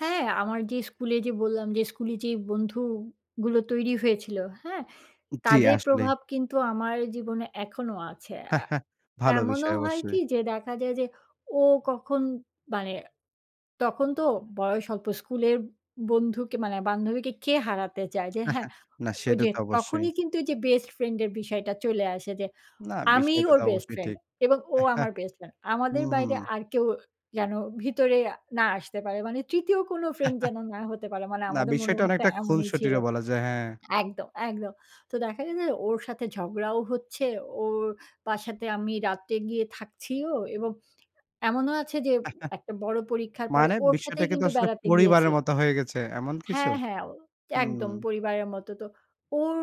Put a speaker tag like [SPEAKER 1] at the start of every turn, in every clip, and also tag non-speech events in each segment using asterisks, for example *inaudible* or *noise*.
[SPEAKER 1] হ্যাঁ, আমার যে স্কুলে যে বললাম, যে স্কুলে যে বন্ধুগুলো তৈরি হয়েছিল, হ্যাঁ?
[SPEAKER 2] জ্বী,
[SPEAKER 1] তাদের
[SPEAKER 2] আসলে
[SPEAKER 1] প্রভাব কিন্তু আমার জীবনে এখনো আছে। আ
[SPEAKER 2] *chuckles* ভালো
[SPEAKER 1] এমনও
[SPEAKER 2] বিষয়
[SPEAKER 1] হয় কি?
[SPEAKER 2] অবশ্যই।
[SPEAKER 1] যে, দেখা যায় যে ও কখন মানে, তখন তো বয়স অল্প, স্কুলের বন্ধুকে মানে বান্ধবীকে কে হারাতে চায়? যে হ্যাঁ,
[SPEAKER 2] *chuckles* না, সেটা
[SPEAKER 1] ওইযে
[SPEAKER 2] তো অবশ্যই।
[SPEAKER 1] তখনই কিন্তু ওইযে বেস্ট ফ্রেন্ডের বিষয়টা চলে আসে, যে
[SPEAKER 2] *smacks lips* না,
[SPEAKER 1] আমিই
[SPEAKER 2] বিষয়টা
[SPEAKER 1] ওর
[SPEAKER 2] তো
[SPEAKER 1] বেস্ট
[SPEAKER 2] অবশ্যই
[SPEAKER 1] ফ্রেন্ড
[SPEAKER 2] ঠিক।
[SPEAKER 1] এবং ও আমার
[SPEAKER 2] *chuckles*
[SPEAKER 1] বেস্ট ফ্রেন্ড। আমাদের
[SPEAKER 2] হুঁ, হুঁ।
[SPEAKER 1] বাইরে আর কেউ যেন ভিতরে আ না আসতে পারে। মানে ৩য় কোন ফ্রেন্ড যেন
[SPEAKER 2] *chuckles*
[SPEAKER 1] না হতে পারে। মানে
[SPEAKER 2] না,
[SPEAKER 1] আমাদের
[SPEAKER 2] বিষয়টা
[SPEAKER 1] মনোভাবটা
[SPEAKER 2] অনেকটা
[SPEAKER 1] এমনই ছিল।
[SPEAKER 2] খুনসটিরও বলা যায়, হ্যাঁ।
[SPEAKER 1] একদম, একদম। তো দেখা গেছে যে, ওর সাথে ঝগড়াও হচ্ছে। ওর বাসাতে আমি রাত্রে গিয়ে থাকছিও এবং এমনও আছে যে,
[SPEAKER 2] *chuckles*
[SPEAKER 1] একটা বড় পরীক্ষার পরে
[SPEAKER 2] মানে
[SPEAKER 1] ওর
[SPEAKER 2] বিষয়টা
[SPEAKER 1] সাথেই
[SPEAKER 2] কিন্তু
[SPEAKER 1] কিন্তু
[SPEAKER 2] আসলে
[SPEAKER 1] বেড়াতে গিয়েছি।
[SPEAKER 2] পরিবারের মতো হয়ে গেছে। এমন কিছু?
[SPEAKER 1] হ্যাঁ, হ্যাঁ, ও একদম
[SPEAKER 2] হুম।
[SPEAKER 1] পরিবারের মত। তো, ওর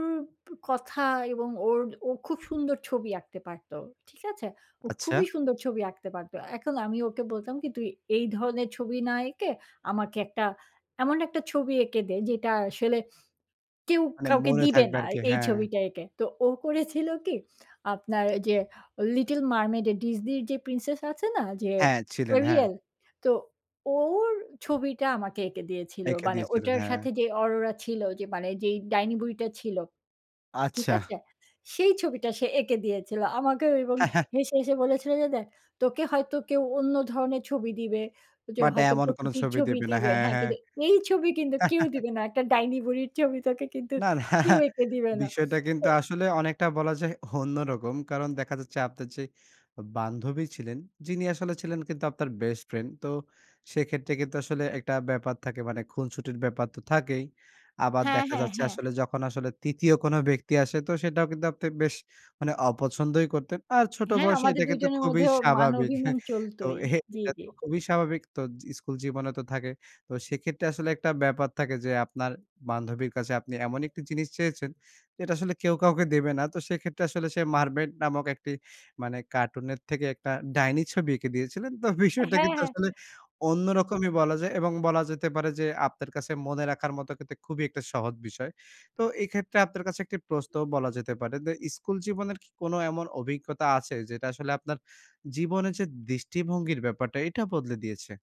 [SPEAKER 1] প কথা এবং ওর ও খুব সুন্দর ছবি আঁকতে পারত। ঠিক আছে? ও
[SPEAKER 2] আচ্ছা।
[SPEAKER 1] খুবই সুন্দর ছবি আঁকতে পারত। এখন আমি ওকে বলতাম কি? "তুই এই ধরনের ছবি না এঁকে, আমাকে একটা এমন একটা ছবি এঁকে দে, যেটা আসলে কেউ
[SPEAKER 2] মানে
[SPEAKER 1] কাউকে
[SPEAKER 2] মনে
[SPEAKER 1] দিবে
[SPEAKER 2] থাকবে
[SPEAKER 1] না আর
[SPEAKER 2] আরকি,
[SPEAKER 1] এই
[SPEAKER 2] হ্যাঁ।
[SPEAKER 1] ছবিটা এঁকে।" তো ও করেছিল কি? *smacks lips* আপনার ওইযে ও, 'Little Mermaid' *smacks lips* এ Disney র যে প্রিন্সেস আছে না? যে
[SPEAKER 2] হ্যাঁ, ছিলেন। হ্যাঁ।
[SPEAKER 1] 'Arial?' তো ওর ছবিটা আমাকে এঁকে দিয়েছিল।
[SPEAKER 2] এঁকে
[SPEAKER 1] মানে
[SPEAKER 2] দিয়েছিলেন,
[SPEAKER 1] ওটার
[SPEAKER 2] হ্যাঁ।
[SPEAKER 1] সাথে যে 'Aurora' ছিল যে, মানে যে ডাইনি বুড়িটা ছিল। ঠিক
[SPEAKER 2] আচ্ছা।
[SPEAKER 1] আছে? সেই ছবিটা সে এঁকে দিয়েছিল। আমাকেও এবং
[SPEAKER 2] *chuckles*
[SPEAKER 1] হেসে, হেসে বলেছিল যে দেখ, "তোকে হয়তো কেউ অন্য ধরনের ছবি দিবে, যে
[SPEAKER 2] বাট
[SPEAKER 1] হয়তো
[SPEAKER 2] এমন কোন
[SPEAKER 1] প্রকৃতির
[SPEAKER 2] ছবি
[SPEAKER 1] ছবি
[SPEAKER 2] দিবে না।
[SPEAKER 1] দিবে।
[SPEAKER 2] হ্যাঁ,
[SPEAKER 1] হ্যাঁ,
[SPEAKER 2] হ্যাঁ।
[SPEAKER 1] কিন্তু এই ছবি কিন্তু কেউ
[SPEAKER 2] *laughs*
[SPEAKER 1] দিবে না। একটা ডাইনি বুড়ির ছবি তোকে কিন্তু,
[SPEAKER 2] না, না,
[SPEAKER 1] কেউ এঁকে দিবে না।"
[SPEAKER 2] বিষয়টা কিন্তু
[SPEAKER 1] ওই
[SPEAKER 2] আসলে অনেকটা বলা যায় অন্যরকম। কারণ দেখা যাচ্ছে আপনার যে বান্ধবী ছিলেন, যিনি আসলে ছিলেন কিন্তু আপনার বেস্ট ফ্রেন্ড। তো সেক্ষেত্রে কিন্তু আসলে একটা ব্যাপার থাকে মানে, খুনসুটির ব্যাপার তো থাকেই। আবার
[SPEAKER 1] হ্যাঁ,
[SPEAKER 2] দেখা
[SPEAKER 1] হ্যাঁ,
[SPEAKER 2] যাচ্ছে
[SPEAKER 1] হ্যাঁ।
[SPEAKER 2] আসলে যখন আসলে ৩য় কোন ব্যক্তি আসে, তো সেটাও কিন্তু আপনি বেশ মানে অপছন্দই করতেন। আর ছোট
[SPEAKER 1] *smacks lips* হ্যাঁ,
[SPEAKER 2] বয়সে
[SPEAKER 1] আমাদের
[SPEAKER 2] এটা কিন্তু
[SPEAKER 1] দুজনের
[SPEAKER 2] খুবই
[SPEAKER 1] মধ্যেও মান
[SPEAKER 2] স্বাভাবিক।
[SPEAKER 1] অভিমান
[SPEAKER 2] *chuckles* তো
[SPEAKER 1] চলতোই। জি,
[SPEAKER 2] এটা
[SPEAKER 1] জি।
[SPEAKER 2] তো খুবই স্বাভাবিক তো জ স্কুল জীবনে তো থাকে। তো সেক্ষেত্রে আসলে একটা ব্যাপার থাকে যে, আপনার বান্ধবীর কাছে আপনি এমন একটি জিনিস চেয়েছেন। যেটা আসলে কেউ কাউকে দেবে না। তো সেক্ষেত্রে আসলে সে 'Mermaid' নামক একটি, মানে কার্টুনের থেকে একটা ডাইনি ছবি এঁকে দিয়েছিলেন। তো
[SPEAKER 1] এ
[SPEAKER 2] বিষয়টা
[SPEAKER 1] হ্যাঁ,
[SPEAKER 2] কিন্তু
[SPEAKER 1] হ্যাঁ।
[SPEAKER 2] আসলে অন্যরকমই বলা যায় এবং বলা যেতে পারে যে, আপনার কাছে মনে রাখার মতো কিন্তু খুবই একটা সহজ বিষয়। তো এক্ষেত্রে আপনার কাছে একটা প্রশ্ন বলা যেতে পারে। দা স্কুল জীবনের কি কোনো এমন অভিজ্ঞতা আছে, যেটা আসলে আপনার জীবনে যে দৃষ্টিভঙ্গির ব্যাপারটা, এটা বদলে দিয়েছে?